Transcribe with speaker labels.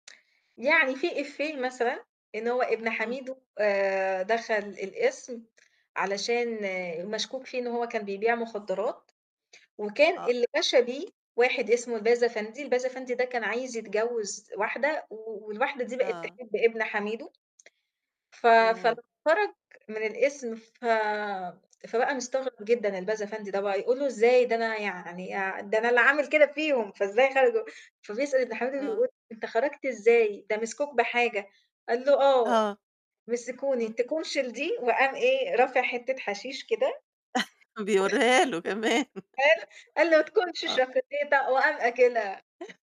Speaker 1: يعني في إيفيه مثلًا إن هو ابن
Speaker 2: امم.
Speaker 1: حميدو آآ دخل القِسم علشان مشكوك فيه إن هو كان بيبيع مخدرات، وكان
Speaker 2: آه.
Speaker 1: اللي وَشَى بيه واحد اسمه الباز أفندي، الباز أفندي ده كان عايز يتجوز واحدة و والواحدة دي بقت
Speaker 2: آه.
Speaker 1: تحب ابن حميدو. ف
Speaker 2: تمام.
Speaker 1: فخرج من القِسم ف فبقى
Speaker 2: [unintelligible]
Speaker 1: مستغرب جدًا الباز أفندي ده بقى يقول له: "إزاي؟ ده أنا يعني آع ده أنا اللي عامل كده فيهم، فإزاي خرجوا؟" فبيسأل ابن حميدو
Speaker 2: آه.
Speaker 1: بيقول: "أنت خرجت إزاي؟ ده مسكوك بحاجة!" قال له: "آه
Speaker 2: آه.
Speaker 1: مسكوني
Speaker 2: امم.
Speaker 1: تكونشِ لدي؟" وقام إيه، رافع حتة حشيش كده
Speaker 2: بيوريها له كمان
Speaker 1: قال قال له: "تكونشِ
Speaker 2: آه.
Speaker 1: شكوليته؟" وقام آكلها